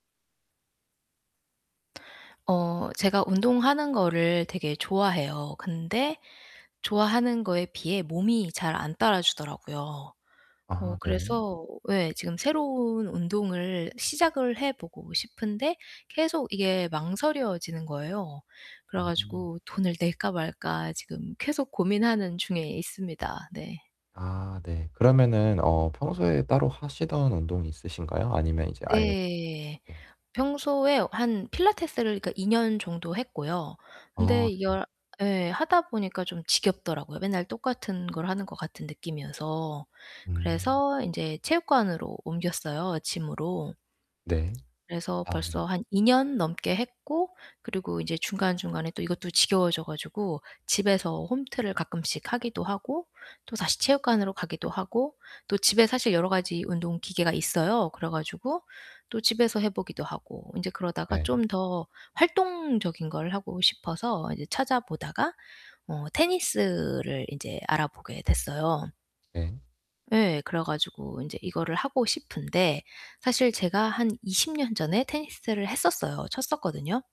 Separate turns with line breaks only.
어 제가 운동하는 거를 되게 좋아해요. 근데 좋아하는 거에 비해 몸이 잘 안 따라주더라고요. 어
아 네.
그래서 예 지금 새로운 운동을 시작을 해 보고 싶은데 계속 이게 망설여지는 거예요. 그래
음.
가지고 돈을 낼까 말까 지금 계속 고민하는 중에 있습니다. 네.
아, 네. 그러면은 어 평소에 따로 하시던 운동이 있으신가요? 아니면 이제 아예
예.
네.
평소에 한 필라테스를 그러니까 2 년 정도 했고요.
어
근데
네.
이걸 예 하다 보니까 좀 지겹더라고요 맨날 똑같은 걸 하는 것 같은 느낌이어서.
음.
그래서 인제 체육관으로 옮겼어요 gym으로.
네.
그래서
아 네.
벌써 한 2 년 넘게 했고 그리고 이제 중간중간에 또 이것도 지겨워져 가지고 집에서 홈트를 가끔씩 하기도 하고 또다시
음.
체육관으로 가기도 하고 또 집에 사실 여러 가지 운동 기계가 있어요. 그래 가지고 또 집에서 해 보기도 하고 인제 그러다가
네.
좀 더 활동적인 걸 하고 싶어서 이제 찾아 보다가 어 테니스를 인제 알아보게 됐어요.
네.
예. 그래 가지고 인제 이거를 하고 싶은데 사실 제가 한 20 년 전에 테니스를 했었어요. 쳤었거든요.